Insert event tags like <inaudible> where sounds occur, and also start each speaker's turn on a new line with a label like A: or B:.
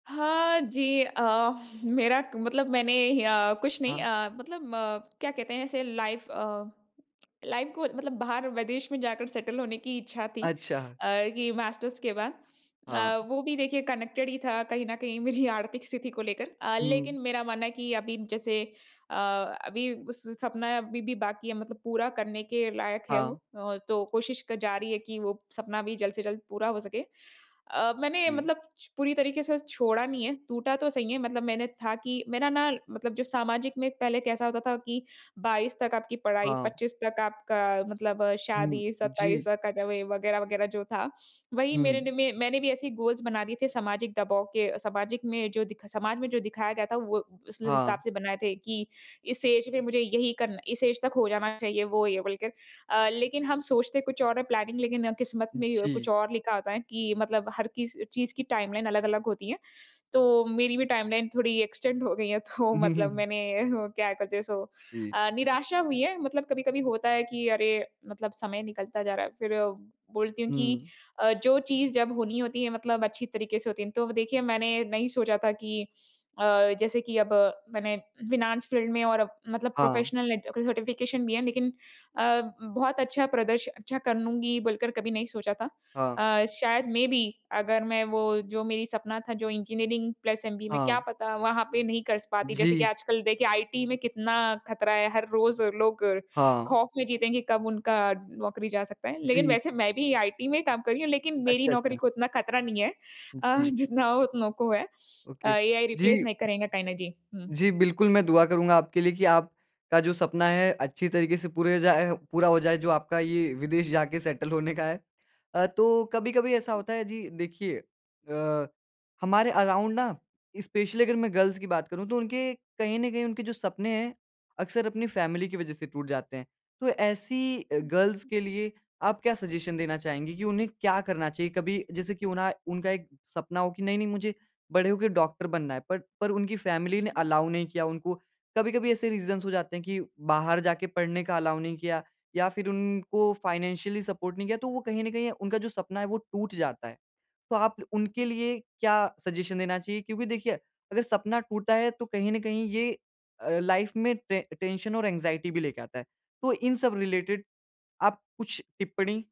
A: हाँ, जी। अ, <chuckles> मेरा क मतलब मैंने अ, कुछ नहीं
B: हाँ।
A: अ, मतलब अ, क्या कहते हैं, ऐसे लाइफ़ अ, लाइफ़ को मतलब बाहर विदेश में जाकर सेटल होने की इच्छा थी
B: अच्छा।
A: अ, कि मास्टर्स के बाद। अ,
B: हाँ।
A: वो भी देखिए, कनेक्टेड ही था कहीं न कहीं मेरी आर्थिक स्थिति को लेकर। अ,
B: हुँ।
A: लेकिन मेरा मानना है कि अभी जैसे अ, अभी उस सपना अभी भी बाकी है, मतलब पूरा करने के लायक है वो।
B: हाँ।
A: अ, तो कोशिश कर जारी रही है कि वो सपना भी जल्द से जल्द पूरा हो सके। अ, मैंने
B: जी।
A: मतलब छ पूरी तरीके से छोड़ा नहीं है, टूटा तो सही है। मतलब मैंने था कि मेरा ना मतलब जो सामाजिक में पहले कैसा होता था कि 22 तक आपकी पढ़ाई,
B: हाँ।
A: 25 तक आपका मतलब
B: हुँ।
A: शादी, 27
B: जी।
A: कट वे वग़ैरह-वग़ैरह जो था। वही मेरे
B: हुँ।
A: ने में मैंने भी ऐसे ही गोल्स बना दिए थे। सामाजिक दबाव के अ, सामाजिक में जो दिखा समाज में जो दिखाया गया था वो, उस हिसाब
B: हाँ।
A: से बनाए थे कि इस एज में मुझे यही करना इस एज तक हो जाना चाहिए वो, ये बोल के। अ, लेकिन हम सोचते कुछ और है प्लानिंग, लेकिन किस्मत में कुछ
B: जी।
A: और लिखा होता है कि मतलब हर किस चीज़ की टाइमलाइन अलग-अलग होती है। तो मेरी भी टाइमलाइन थोड़ी एक्सटेंड हो गई है। तो मतलब
B: <chuckles>
A: मैंने वो क्या करते हैं, सो
B: जी।
A: अ, निराशा हुई है। मतलब कभी-कभी होता है कि अरे! मतलब समय निकलता जा रहा है। फिर बोलती हूँ कि
B: हुँ।
A: अ, जो चीज़ जब होनी होती है मतलब अच्छी तरीके से होती है। तो देखिए, मैंने नहीं सोचा था कि अ, जैसे कि अब मैंने फ़ाइनेंस फ़ील्ड में और मतलब
B: हाँ।
A: प्रोफ़ेशनलैट सर्टिफ़िकेशन भी है, लेकिन अ, बहुत अच्छा प्रदर्श अच्छा कर लूँगी, बोलकर कभी नहीं सोचा था।
B: हाँ।
A: अ, शायद मे बी अगर मैं वो जो मेरी सपना था, जो इंजीनियरिंग प्लस ऐमबीए में, क्या
B: हाँ।
A: पता वहाँ पे नहीं कर स पाती। जैसे कि
B: जी।
A: आजकल देखिए, आईटी में कितना ख़तरा है, हर रोज़ लोग
B: हाँ।
A: खौफ में जीते हैं कि कब उनका नौकरी जा सकता है। लेकिन
B: जी।
A: वैसे मैं भी आईटी में ही काम कर रही हूँ, लेकिन मेरी
B: अच्छा,
A: नौकरी
B: अच्छा।
A: को इतना खतरा नहीं है। अ,
B: जी।
A: जितना हो उतनों को है अ,
B: ओके,
A: एआई रिप्लेस
B: जी।
A: नहीं करेंगे कहीं ना जी। हुँ।
B: जी, बिल्कुल, मैं दुआ करूँगा आपके लिए कि आपका जो सपना है अच्छी तरीके से पूरे हो जाए पूरा हो जाए, जो आपका ये विदेश जाके सेटल होने का है। अ, तो कभी-कभी ऐसा
A: हुँ।
B: होता है जी देखिए, अ, हमारे अराउंड ना, स्पेशली अगर मैं गर्ल्स की बात करूँ, तो उनके कहीं न कहीं उनके जो सपने है, अक्सर अपनी फैमिली की वज़ह से टूट जाते हैं। तो ऐसी अ,
A: हुँ,
B: गर्ल्स
A: हुँ।
B: के लिए आप क्या सजेशन देना चाहेंगी कि उन्हें क्या करना चाहिए? कभी जैसे की उन्हा उनका एक सपना हो कि नहीं-नहीं मुझे बड़े हो के डॉक्टर बनना है। पर पर उनकी फैमली ने
A: हुँ।
B: अलाओ नहीं किया उनको। कभी-कभी ऐसे रीजन्स हो जाते हैं कि बाहर जाके पढ़ने का अलाउ नहीं किया या फिर उनको फ़ाइनेंशियली सपोर्ट नहीं किया, तो वो कहीं न कहीं उनका जो सपना है, वो टूट जाता है। तो आप उनके लिए क्या सजेशन देना चाहिए? क्योंकि देखिए, अगर सपना टूटा है तो कहीं न कहीं ये अ, लाइफ़ में टें टेंशन और एंज़ाइटी भी लेके आता है। तो इन सब रिलेटिड आप कुछ टिप्पणी